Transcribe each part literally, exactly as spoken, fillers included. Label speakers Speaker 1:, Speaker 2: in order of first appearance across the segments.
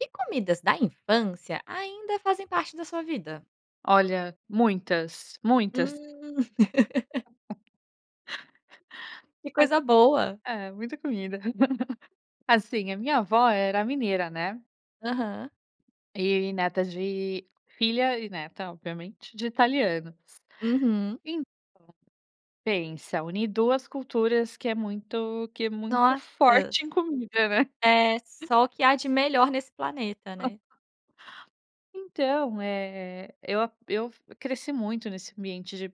Speaker 1: Que comidas da infância ainda fazem parte da sua vida?
Speaker 2: Olha, muitas, muitas.
Speaker 1: Hum. Que
Speaker 2: Acho
Speaker 1: coisa boa.
Speaker 2: É, muita comida. Assim, a minha avó era mineira, né.
Speaker 1: Aham.
Speaker 2: E neta de filha e neta, obviamente, de italianos.
Speaker 1: Uhum.
Speaker 2: Então, pensa, une duas culturas que é muito que é muito forte em
Speaker 1: Nossas.
Speaker 2: comida, né.
Speaker 1: É, só que há de melhor nesse planeta, né.
Speaker 2: Então, eh, eu a eu f cresci muito nesse ambiente de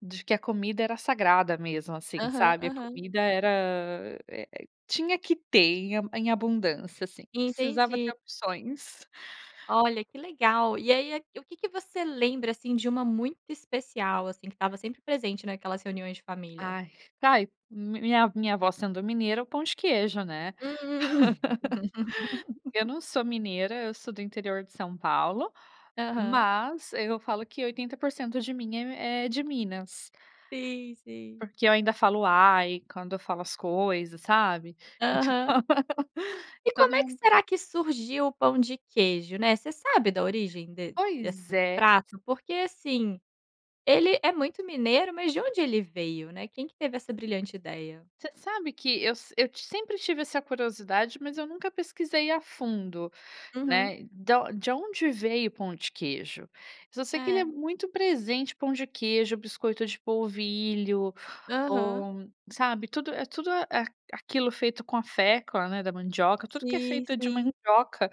Speaker 2: de que a comida era sagrada mesmo, assim,
Speaker 1: Aham,
Speaker 2: sabe. A
Speaker 1: aham.
Speaker 2: comida era, eh eh, tinha que ter em a em abundância, assim. Precisava
Speaker 1: Entendi.
Speaker 2: ter opções.
Speaker 1: Olha, que legal. E aí, eh, o que que você lembra, assim, de uma muito especial, assim, que estava sempre presente naquelas reuniões de família?
Speaker 2: Ai, tá ai, mi minha minha vó sendo mineira é o pão de queijo, né.
Speaker 1: Hum.
Speaker 2: Eu não sou mineira, eu sou do interior de São Paulo,
Speaker 1: Aham.
Speaker 2: mas eu falo que oitenta por cento de mim é m é de Minas.
Speaker 1: Sim, sim.
Speaker 2: Porque eu ainda falo "Uai"' quando eu falo as coisas, sabe. E tipo
Speaker 1: Aham. E
Speaker 2: todo
Speaker 1: como é que
Speaker 2: mundo
Speaker 1: será que surgiu o pão de queijo, né. Você sabe da origem de dessa
Speaker 2: Pois é.
Speaker 1: prato? Porque, assim, ele é muito mineiro, mas de onde ele veio, né. Quem que teve essa brilhante ideia?
Speaker 2: Você sabe que eu se eu ti sempre tive essa curiosidade, mas eu nunca pesquisei a fundo,
Speaker 1: Uhum.
Speaker 2: né. Da on de onde veio o pão de queijo. Só sei que ele é
Speaker 1: É.
Speaker 2: muito presente, o pão de queijo, o biscoito de polvilho
Speaker 1: Aham.
Speaker 2: ou sabe, tudo é tudo a eh, a aqui aquilo feito com a fécula, né, da mandioca. Tudo que é
Speaker 1: Sim,
Speaker 2: feito de
Speaker 1: sim.
Speaker 2: mandioca,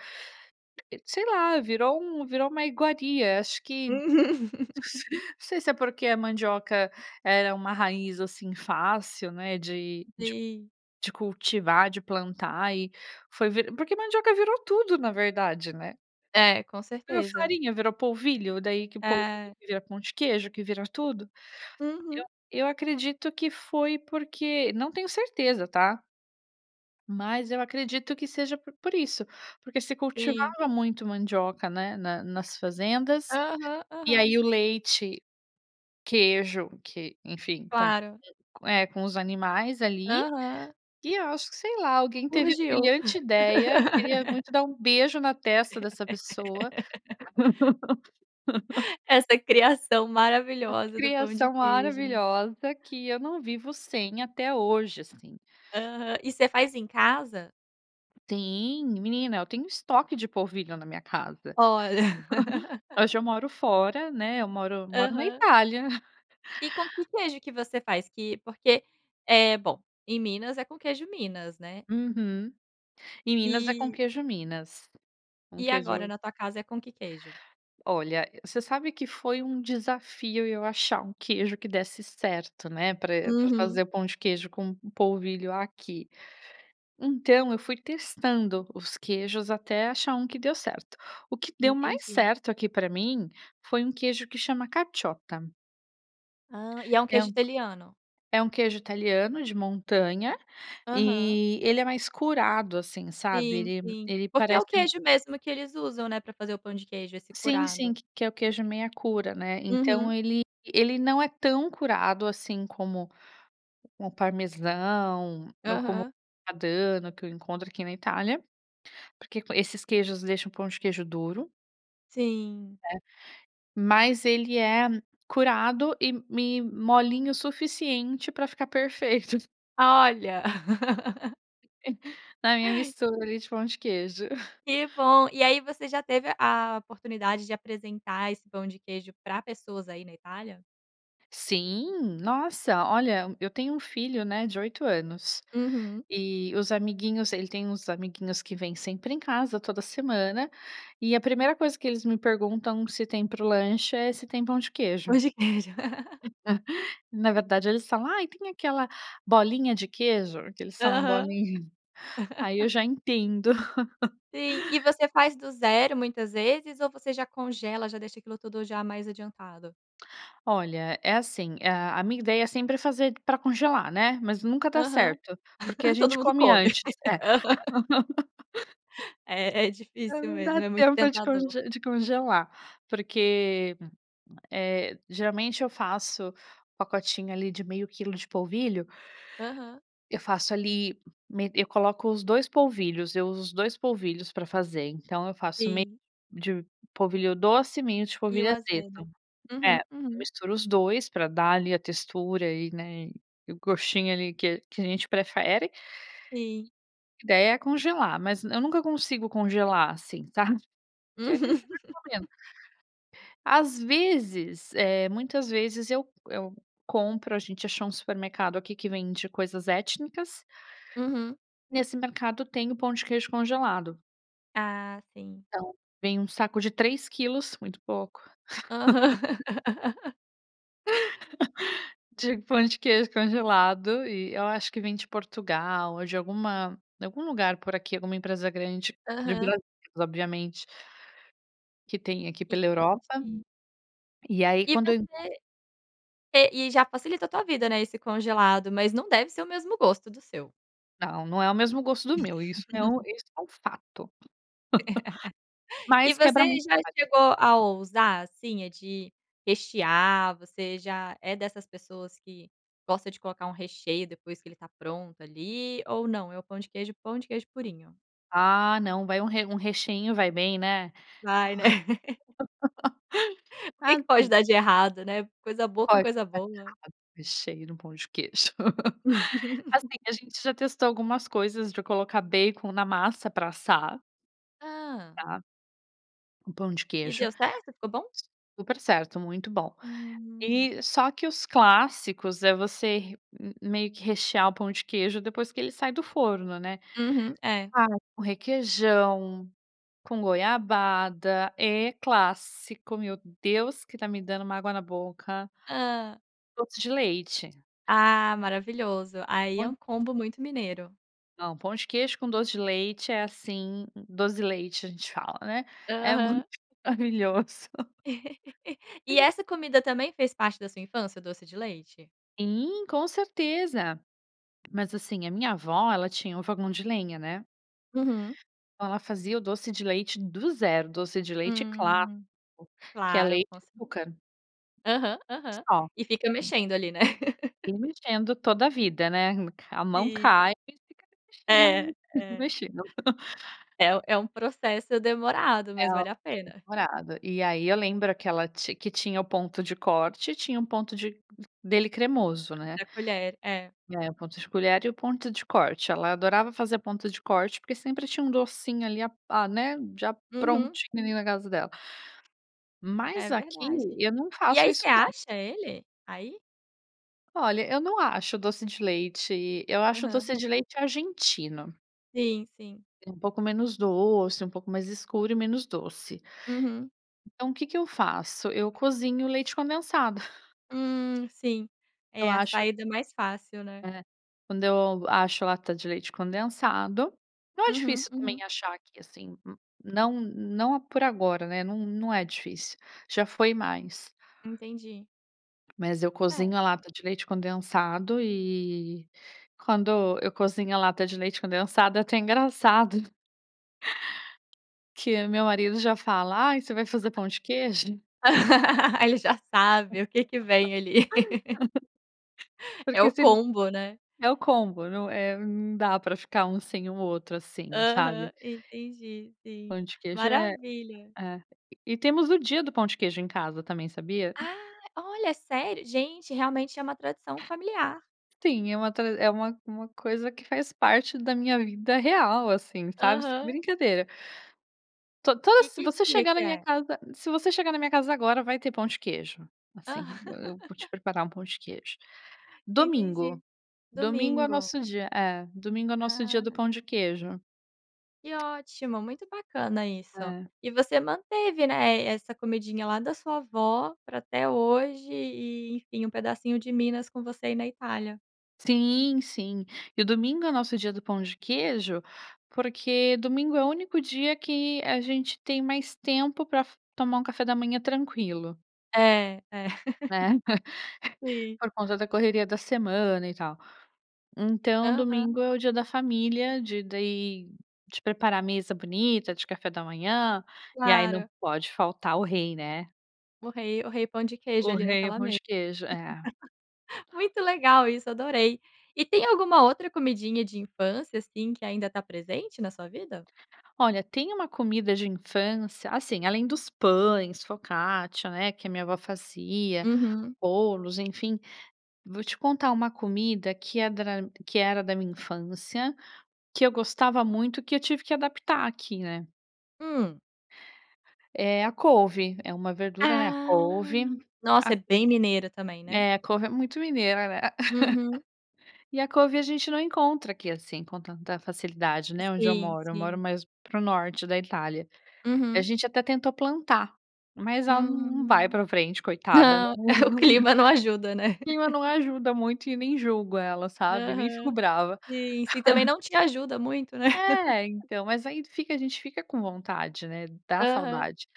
Speaker 2: se sei lá, virou um virou uma iguaria. Acho que,
Speaker 1: Uhum.
Speaker 2: [unintelligible] não sei se é porque a mandioca era uma raiz assim fácil, né, de de
Speaker 1: Sim.
Speaker 2: de cultivar, de plantar e foi ve porque mandioca virou tudo na verdade, né.
Speaker 1: É, com
Speaker 2: A
Speaker 1: certeza.
Speaker 2: farinha, virou polvilho, daí que polvilho
Speaker 1: É.
Speaker 2: vira pão de queijo, que vira tudo.
Speaker 1: Uhum.
Speaker 2: Eu a eu acredito que foi porque não tenho certeza, tá. Mas eu acredito que seja por por isso, porque se
Speaker 1: Sim.
Speaker 2: cultivava muito mandioca, né, na nas fazendas,
Speaker 1: Aham,
Speaker 2: e
Speaker 1: aham.
Speaker 2: aí o leite, queijo que enfim, com,
Speaker 1: Claro.
Speaker 2: eh, com os animais, ali,
Speaker 1: Aham.
Speaker 2: e eu acho que, sei lá, alguém teve a
Speaker 1: Surgiu.
Speaker 2: brilhante ideia, queria muito dar beijo na testa dessa pessoa.
Speaker 1: Essa criação
Speaker 2: Essa
Speaker 1: maravilhosa do pão de
Speaker 2: criação
Speaker 1: queijo, né.
Speaker 2: maravilhosa, que eu não vivo sem até hoje, assim.
Speaker 1: Aham, e você faz em casa?
Speaker 2: Sim, menina eu tenho estoque de polvilho na minha casa.
Speaker 1: Olha.
Speaker 2: Hoje eu moro fora, né. Eu moro moro na
Speaker 1: Aham.
Speaker 2: Itália.
Speaker 1: E com que queijo que você faz? Que porque, é bom, em Minas é com queijo minas, né?
Speaker 2: Uhum. Em Minas é com o
Speaker 1: E.
Speaker 2: queijo minas. Um
Speaker 1: E agora
Speaker 2: queijo
Speaker 1: na tua casa é com que queijo?
Speaker 2: Olha, você sabe que foi desafio eu achar um queijo que desse certo, né. Pra pra fazer
Speaker 1: Uhum.
Speaker 2: o pão de queijo com um polvilho aqui. Então, eu fui testando os queijos, até achar um que deu certo. O que deu mais
Speaker 1: Entendi.
Speaker 2: certo aqui pra mim, foi um queijo que chama caciotta.
Speaker 1: Ah, e é um
Speaker 2: É
Speaker 1: queijo italiano?
Speaker 2: um é queijo italiano de montanha,
Speaker 1: Aham.
Speaker 2: e ele é mais curado assim sabe
Speaker 1: Sim
Speaker 2: ele
Speaker 1: sim,
Speaker 2: ele
Speaker 1: porque é o
Speaker 2: parece um
Speaker 1: queijo mesmo que eles usam, né, pra fazer o pão de queijo, esse
Speaker 2: sim
Speaker 1: curado.
Speaker 2: sim que que é o queijo meia cura, né. Então,
Speaker 1: Uhum.
Speaker 2: ele ele não é tão curado assim como como o parmesão, ou como o
Speaker 1: Aham.
Speaker 2: grana padano que, eu encontro aqui na Itália, porque esses queijos deixam o pão de queijo duro.
Speaker 1: Sim.
Speaker 2: Né. Mas ele é curado e e molinho suficiente pra ficar perfeito.
Speaker 1: Olha.
Speaker 2: Na minha mistura de pão de queijo.
Speaker 1: Que bom, e aí você já teve a oportunidade de apresentar esse pão de queijo pra pessoas aí na Itália?
Speaker 2: Sim. Nossa, olha, eu tenho um filho, né, de oito anos.
Speaker 1: Uhum.
Speaker 2: E os amiguinhos ele tem uns amiguinhos que vêm sempre em casa, toda semana. E a primeira coisa que eles me perguntam, se tem pro lanche, é se tem pão de
Speaker 1: Pão
Speaker 2: queijo.
Speaker 1: de queijo.
Speaker 2: Na verdade, eles falam: "Ai, tem aquela bolinha de queijo?". Que eles falam
Speaker 1: Aham.
Speaker 2: bolinha. Aí, eu já entendo.
Speaker 1: Sim, e você faz do zero muitas vezes, ou você já congela? Já deixa aquilo tudo já mais adiantado?
Speaker 2: Olha, é assim: a a minha ideia é sempre fazer pra congelar, né, mas nunca dá
Speaker 1: Aham,
Speaker 2: certo. Porque a
Speaker 1: todo
Speaker 2: gente
Speaker 1: mundo
Speaker 2: come
Speaker 1: come.
Speaker 2: antes. É.
Speaker 1: Aham. É, é
Speaker 2: É,
Speaker 1: difícil
Speaker 2: não dá
Speaker 1: mesmo. É muito
Speaker 2: tempo de conge
Speaker 1: tentador.
Speaker 2: de congelar, porque, eh, geralmente, eu faço pacotinho, ali, de meio quilo de polvilho.
Speaker 1: Aham.
Speaker 2: Eu faço ali, me eu coloco os dois polvilhos. Eu uso dois polvilhos pra fazer, então eu faço meio
Speaker 1: Sim.
Speaker 2: de polvilho doce e meio de
Speaker 1: E o
Speaker 2: polvilho azedo.
Speaker 1: azedo.
Speaker 2: É,
Speaker 1: Uhum,
Speaker 2: eu
Speaker 1: uhum.
Speaker 2: misturo os dois pra dar, ali, a textura e, né, o gostinho, ali, que que a gente prefere.
Speaker 1: Sim.
Speaker 2: A ideia é congelar, mas eu nunca consigo congelar, assim, sabe? Que a gente
Speaker 1: Uhum.
Speaker 2: vai comendo. As vezes, eh, muitas vezes eu eu compro. A gente achou supermercado aqui que vende coisas étnicas.
Speaker 1: Uhum.
Speaker 2: Nesse mercado tem o pão de queijo congelado.
Speaker 1: Ah, sim.
Speaker 2: Então vem um saco de três quilos, muito pouco
Speaker 1: Aham.
Speaker 2: de pão de queijo congelado. E eu acho que vem de Portugal ou de alguma de algum lugar por aqui, alguma empresa grande de
Speaker 1: Aham.
Speaker 2: Brasil obviamente que tem aqui pela Europa
Speaker 1: Entendi.
Speaker 2: e aí
Speaker 1: E
Speaker 2: quando eu não
Speaker 1: você e e já facilita a tua vida, né, esse congelado, mas não deve ser o mesmo gosto do seu.
Speaker 2: Não, não é o mesmo gosto do meu. Isso é um isso é um fato.
Speaker 1: E
Speaker 2: Mas quebra
Speaker 1: você
Speaker 2: muito
Speaker 1: já
Speaker 2: o galho.
Speaker 1: chegou a ousar, assim, de rechear. Você já é dessas pessoas que gosta de colocar um recheio depois que ele tá pronto, ali, ou não? É o pão de queijo, pão de queijo purinho?
Speaker 2: Ah, não. Vai um re um recheinho vai bem né?
Speaker 1: Vai, né? O que que pode
Speaker 2: Assim
Speaker 1: dar de errado, né? Coisa boa com
Speaker 2: Pode
Speaker 1: coisa boa.
Speaker 2: [unintelligible] o recheio no pão de queijo. Assim, a gente já testou algumas coisas pra colocar bacon na massa pra assar.
Speaker 1: Ah.
Speaker 2: Tá? Com pão de
Speaker 1: E
Speaker 2: queijo.
Speaker 1: deu certo? Ficou bom?
Speaker 2: Super certo. Muito bom.
Speaker 1: Hum.
Speaker 2: E só que os clássicos é você re hum hum meio que rechear o pão de queijo depois que ele sai do forno, né?
Speaker 1: Uhum. É.
Speaker 2: Ah, com requeijão, com goiabada. É clássico. Meu Deus, que tá me dando uma água na boca.
Speaker 1: Hã.
Speaker 2: Doce de leite.
Speaker 1: Ah, maravilhoso. Aí, é
Speaker 2: [unintelligible]
Speaker 1: um combo muito mineiro.
Speaker 2: Não, pão de queijo com doce de leite é, assim "dozi di leite", a gente fala, né? É muito
Speaker 1: Aham.
Speaker 2: maravilhoso.
Speaker 1: E
Speaker 2: Sim.
Speaker 1: essa comida também fez parte da sua infância? Doce de leite.
Speaker 2: Sim, com certeza. Mas, assim, a minha avó, ela tinha um fogão de lenha, né?
Speaker 1: Uhum.
Speaker 2: Oh, ela fazia o doce de leite do zero. Doce de leite clássico,
Speaker 1: Hum,
Speaker 2: que é
Speaker 1: claro,
Speaker 2: leite
Speaker 1: com
Speaker 2: e
Speaker 1: certeza.
Speaker 2: açúcar.
Speaker 1: Aham, aham.
Speaker 2: Só.
Speaker 1: E fica mexendo ali, né?
Speaker 2: E mexendo toda a vida, né? Me ca a mão
Speaker 1: Sim.
Speaker 2: cai e fica ali
Speaker 1: É,
Speaker 2: mexendo,
Speaker 1: é.
Speaker 2: mexendo.
Speaker 1: É u é um processo demorado, mas
Speaker 2: Era
Speaker 1: vale a
Speaker 2: muito
Speaker 1: pena.
Speaker 2: demorado. E aí, eu lembro que ela tin que tinha o ponto de corte e tinha o ponto de d dele cremoso, né?
Speaker 1: Pra colher. É.
Speaker 2: É, o ponto de colher e o ponto de corte. Ela adorava fazer ponto de corte, porque sempre tinha um docinho ali a a né? Já
Speaker 1: Uhum.
Speaker 2: prontinho ali na casa dela.
Speaker 1: É
Speaker 2: Mas, aqui,
Speaker 1: verdade.
Speaker 2: eu não
Speaker 1: E
Speaker 2: faço
Speaker 1: aí, você
Speaker 2: isso não.
Speaker 1: acha ele aí?
Speaker 2: Olha, eu não acho doce de leite. Eu acho
Speaker 1: Aham.
Speaker 2: doce de leite argentino.
Speaker 1: Sim, sim.
Speaker 2: É um pouco menos doce, um pouco mais escuro e menos doce.
Speaker 1: Uhum.
Speaker 2: Então o que que eu faço? Eu cozinho o leite condensado.
Speaker 1: Hum, sim.
Speaker 2: Eu
Speaker 1: É, a
Speaker 2: acho
Speaker 1: saída mais fácil, né?
Speaker 2: É. Quando eu acho lata de leite condensado Não é
Speaker 1: Uhum,
Speaker 2: difícil, também,
Speaker 1: uhum.
Speaker 2: achar aqui, assim. Não não por agora, né? Não não é difícil. Já foi mais.
Speaker 1: Entendi.
Speaker 2: Mas eu cozinho
Speaker 1: É.
Speaker 2: a lata de leite condensado, e quando eu cozinho a lata de leite condensado é até engraçado que meu marido já fala: "Ai, você vai fazer pão de queijo?".
Speaker 1: Ele já sabe o que que vem ali. É
Speaker 2: Porque
Speaker 1: o
Speaker 2: se ele
Speaker 1: combo né?
Speaker 2: é o combo. Não, eh, não dá pra ficar um sem o outro, assim, sabe?
Speaker 1: Aham, entendi. Sim,
Speaker 2: Pão de queijo é
Speaker 1: maravilha.
Speaker 2: é. E e temos o dia do pão de queijo em casa também, sabia?
Speaker 1: Ah, olha, é sério? Gente, realmente é uma tradição familiar.
Speaker 2: Sim, é uma tra é uma uma coisa que faz parte da minha vida, real, assim, sabe? Sem
Speaker 1: Aham.
Speaker 2: brincadeira. To toda
Speaker 1: E
Speaker 2: se
Speaker 1: que
Speaker 2: você
Speaker 1: dia
Speaker 2: chegar
Speaker 1: que
Speaker 2: na minha
Speaker 1: é?
Speaker 2: casa se você chegar na minha casa agora, vai ter pão de queijo. Assim,
Speaker 1: Aham.
Speaker 2: eu eu vou te preparar um pão de queijo. Domingo,
Speaker 1: Entendi.
Speaker 2: domingo é o
Speaker 1: Domingo.
Speaker 2: nosso dia é, domingo é o nosso dia
Speaker 1: Ah,
Speaker 2: do pão
Speaker 1: aham.
Speaker 2: de queijo.
Speaker 1: Que ótimo, muito bacana isso.
Speaker 2: É.
Speaker 1: E você manteve, né, eh, essa comidinha lá da sua avó pra até hoje e, enfim, um pedacinho de Minas com você aí na Itália.
Speaker 2: Sim, sim e o domingo é o nosso dia do pão de queijo, porque domingo é o único dia que a gente tem mais tempo pra f tomar um café da manhã tranquilo.
Speaker 1: É, é.
Speaker 2: Né.
Speaker 1: Sim.
Speaker 2: Por conta da correria da semana e tal. Então
Speaker 1: Aham.
Speaker 2: domingo é o dia da família de daí, de preparar mesa bonita de café da manhã e aí não
Speaker 1: Claro.
Speaker 2: pode faltar o rei, né?
Speaker 1: O rei o rei pão de queijo,
Speaker 2: O
Speaker 1: ali
Speaker 2: rei, o
Speaker 1: naquela
Speaker 2: pão de queijo, é.
Speaker 1: Muito legal isso, adorei. E tem alguma outra comidinha de infância, assim, que ainda tá presente na sua vida?
Speaker 2: Olha, tem uma comida de infância assim, além dos pães, focaccia, né, que é minha avó fazia,
Speaker 1: Uhum.
Speaker 2: bolos, enfim. Vou te contar uma comida que é dra que era da minha infância, que eu gostava muito e que eu tive que adaptar aqui, né.
Speaker 1: Hum?
Speaker 2: É a couve, é uma verdura, né. A
Speaker 1: Ah!
Speaker 2: couve, a
Speaker 1: Nossa
Speaker 2: c
Speaker 1: é bem mineira também, né?
Speaker 2: É a couve é muito mineira, né?
Speaker 1: Uhum.
Speaker 2: E a couve a gente não encontra aqui, assim, com tanta facilidade, né, onde eu
Speaker 1: Sim,
Speaker 2: moro. Eu moro
Speaker 1: sim.
Speaker 2: mais para o norte da Itália. A
Speaker 1: Uhum.
Speaker 2: gente até tentou plantar, mas ela num num vai
Speaker 1: Hum.
Speaker 2: pra frente coitada. Ela
Speaker 1: Não,
Speaker 2: num
Speaker 1: o
Speaker 2: num O
Speaker 1: clima não ajuda, né?
Speaker 2: clima não ajuda muito e nem julgo ela sabe, nem fico
Speaker 1: Aham,
Speaker 2: brava.
Speaker 1: sim, si também não te ajuda muito, né?
Speaker 2: É, então, mas aí fica a gente fica com vontade, né. Dá
Speaker 1: Aham,
Speaker 2: saudade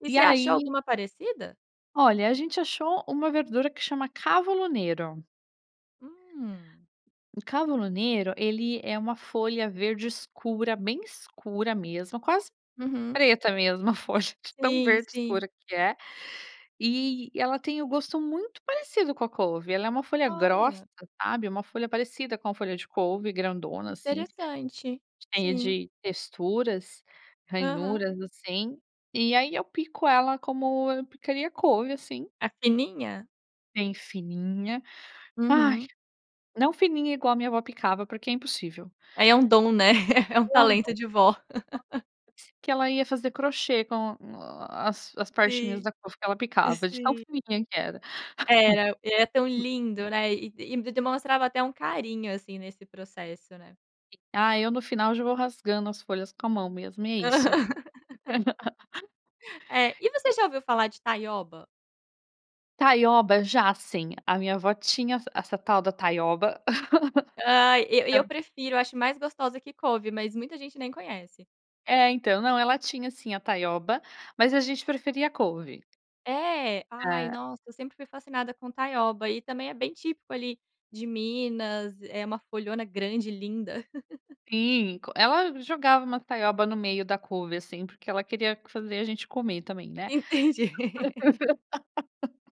Speaker 1: e
Speaker 2: e
Speaker 1: você achou
Speaker 2: aí
Speaker 1: alguma parecida?
Speaker 2: Olha, a gente achou uma verdura que chama cavolo nero.
Speaker 1: Hum.
Speaker 2: O cavolo nero, ele é uma folha verde escura, bem escura mesmo, quase
Speaker 1: Uhum.
Speaker 2: preta mesmo a folha de tão
Speaker 1: Sim,
Speaker 2: verde
Speaker 1: sim.
Speaker 2: escura que é. E ela tem o gosto muito parecido com a couve ela é uma folha grossa,
Speaker 1: Olha.
Speaker 2: sabe? Uma folha parecida com a folha de couve grandona, assim,
Speaker 1: Interessante,
Speaker 2: cheia
Speaker 1: sim.
Speaker 2: de texturas,
Speaker 1: Aham.
Speaker 2: ranhuras, assim. E aí eu pico ela como eu picaria couve, assim.
Speaker 1: A fininha?
Speaker 2: Bem fininha, ai,
Speaker 1: Uhum.
Speaker 2: não fininha igual a minha vó picava porque é impossível.
Speaker 1: Aí é um dom, né, é um
Speaker 2: É um
Speaker 1: talento
Speaker 2: dom
Speaker 1: de vó.
Speaker 2: [unintelligible] que ela ia fazer crochê com as as partinhas
Speaker 1: Sim.
Speaker 2: da couve que ela picava, de tão
Speaker 1: Sim.
Speaker 2: fininha que era.
Speaker 1: Era, é tão lindo, né, e e demonstrava até um carinho, assim, nesse processo, né.
Speaker 2: E ah, eu no final já vou rasgando as folhas com a mão mesmo e é isso.
Speaker 1: Aham. É, e você já ouviu falar de Taioba?
Speaker 2: Taioba, já sim, a minha avó tinha ess essa tal da taioba.
Speaker 1: Ai eu e eu
Speaker 2: Tam
Speaker 1: prefiro, acho mais gostosa que couve, mas muita gente nem conhece.
Speaker 2: É, então, não ela tinha sim a taioba, mas a gente preferia a couve.
Speaker 1: É? Ai
Speaker 2: É.
Speaker 1: nossa, sempre foi fascinada com taioba e também é bem típico ali de Minas, é uma folhona grande linda.
Speaker 2: Sim, co ela sempre jogava uma taioba no meio da couve, assim, porque ela queria fazer a gente comer também, né?
Speaker 1: Entendi.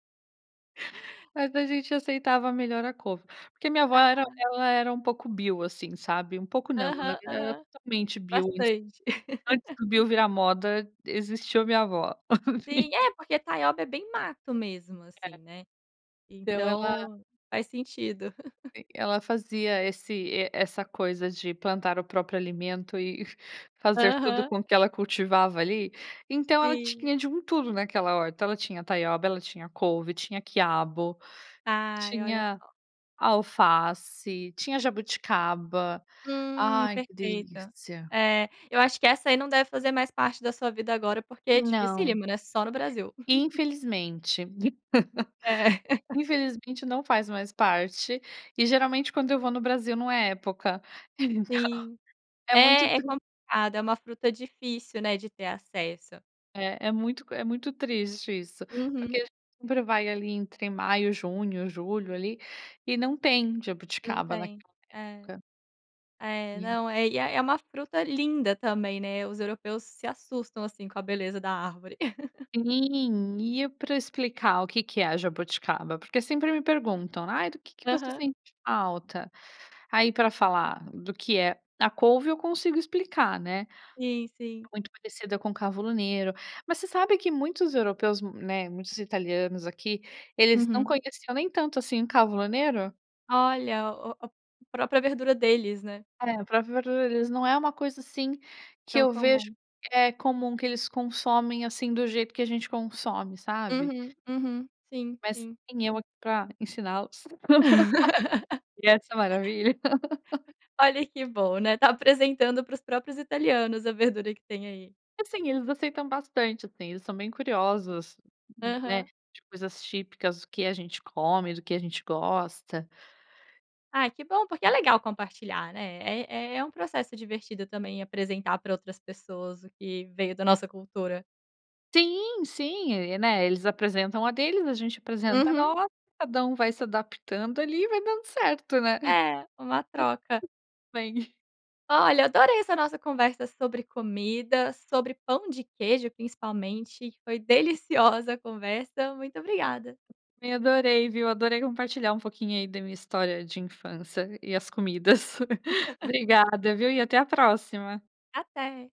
Speaker 2: Mas, a gente aceitava melhor a couve. Porque minha avó era
Speaker 1: Ah.
Speaker 2: ela era um pouco bio, assim, sabe? Um pouco não. Na
Speaker 1: Aham,
Speaker 2: verdade ela era
Speaker 1: aham.
Speaker 2: totalmente bio,
Speaker 1: Bastante.
Speaker 2: antes do bio virar moda, existiu minha a avó.
Speaker 1: Sim é porque taioba é bem mato mesmo assim,
Speaker 2: É.
Speaker 1: né?
Speaker 2: Então, ela
Speaker 1: Então, faz sentido.
Speaker 2: E ela fazia esse essa coisa de plantar o próprio alimento e fa fazer tudo
Speaker 1: Aham.
Speaker 2: com o que ela cultivava ali, então ela
Speaker 1: Sim.
Speaker 2: tinha de um tudo naquela horta. Ela tinha taioba, ela tinha couve, tinha quiabo,
Speaker 1: Ai, olha
Speaker 2: tinha
Speaker 1: só.
Speaker 2: alface, tinha jabuticaba,
Speaker 1: Hum,
Speaker 2: ai que
Speaker 1: perfeita.
Speaker 2: delícia.
Speaker 1: É, eu acho que essa aí não deve fazer mais parte da sua vida agora porque é
Speaker 2: Não.
Speaker 1: dificílimo, né? Só no Brasil.
Speaker 2: Infelizmente.
Speaker 1: É.
Speaker 2: Infelizmente não faz mais parte, e geralmente quando eu vou no Brasil não é época, então,
Speaker 1: Sim,
Speaker 2: é muito
Speaker 1: é é
Speaker 2: tris
Speaker 1: complicado é uma fruta difícil, né, de ter acesso.
Speaker 2: É, é muito é muito triste isso, porque
Speaker 1: Uhum.
Speaker 2: a gente sempre vai, ali, entre maio, junho, julho ali. E não tem
Speaker 1: Não
Speaker 2: jabuticaba
Speaker 1: tem.
Speaker 2: naquela
Speaker 1: É.
Speaker 2: época.
Speaker 1: é,
Speaker 2: Sim.
Speaker 1: não é é é uma fruta linda também, né, os europeus se assustam, assim, com a beleza da árvore.
Speaker 2: Sim e eu pra explicar o quê que é jabuticaba? Porque sempre me perguntam: "Ai, do que que você
Speaker 1: Aham.
Speaker 2: sente falta?" Aí, pra falar do que é a couve eu consigo explicar, né?
Speaker 1: Sim, sim.
Speaker 2: Muito parecida com cavolo nero. Mas você sabe que muitos europeus, né, muitos italianos aqui eles não
Speaker 1: Uhum.
Speaker 2: conheciam nem tanto assim o cavolo nero?
Speaker 1: Olha, o o própria verdura deles, né.
Speaker 2: É, a própria verdura deles, não é uma coisa assim, que
Speaker 1: Tão
Speaker 2: eu vejo
Speaker 1: comum.
Speaker 2: que é comum que eles consomem, assim, do jeito que a gente consome, sabe.
Speaker 1: Uhum. Uhum. Sim.
Speaker 2: Mais
Speaker 1: Sim.
Speaker 2: tem eu aqui pra ensiná-los. E essa maravilha.
Speaker 1: Olha que bom, né! Tá apresentando para os próprios italianos a verdura que tem aí.
Speaker 2: Assim eles aceitam bastante assim. Eles são bem curiosas, né.
Speaker 1: Aham.
Speaker 2: De coisas típicas do que a gente come, do que a gente gosta.
Speaker 1: Ai que bom! Porque é legal compartilhar, né! É é um processo divertido também, apresentar pra outras pessoas o que veio da nossa cultura.
Speaker 2: Sim, sim. E, né, eles apresentam a deles, a gente apresenta a
Speaker 1: Uhum.
Speaker 2: nossa. Cada um vai se adaptando ali, vai dando certo, né!
Speaker 1: É. Uma
Speaker 2: Tudo
Speaker 1: troca.
Speaker 2: bem.
Speaker 1: Olha adorei essa nossa conversa sobre comida. Sobre pão de queijo principalmente. E foi deliciosa a conversa. Muito obrigada!
Speaker 2: Também adorei viu! Adorei compartilhar um pouquinho aí da minha história de infância. E as comidas. Obrigada viu, e até a próxima.
Speaker 1: Até.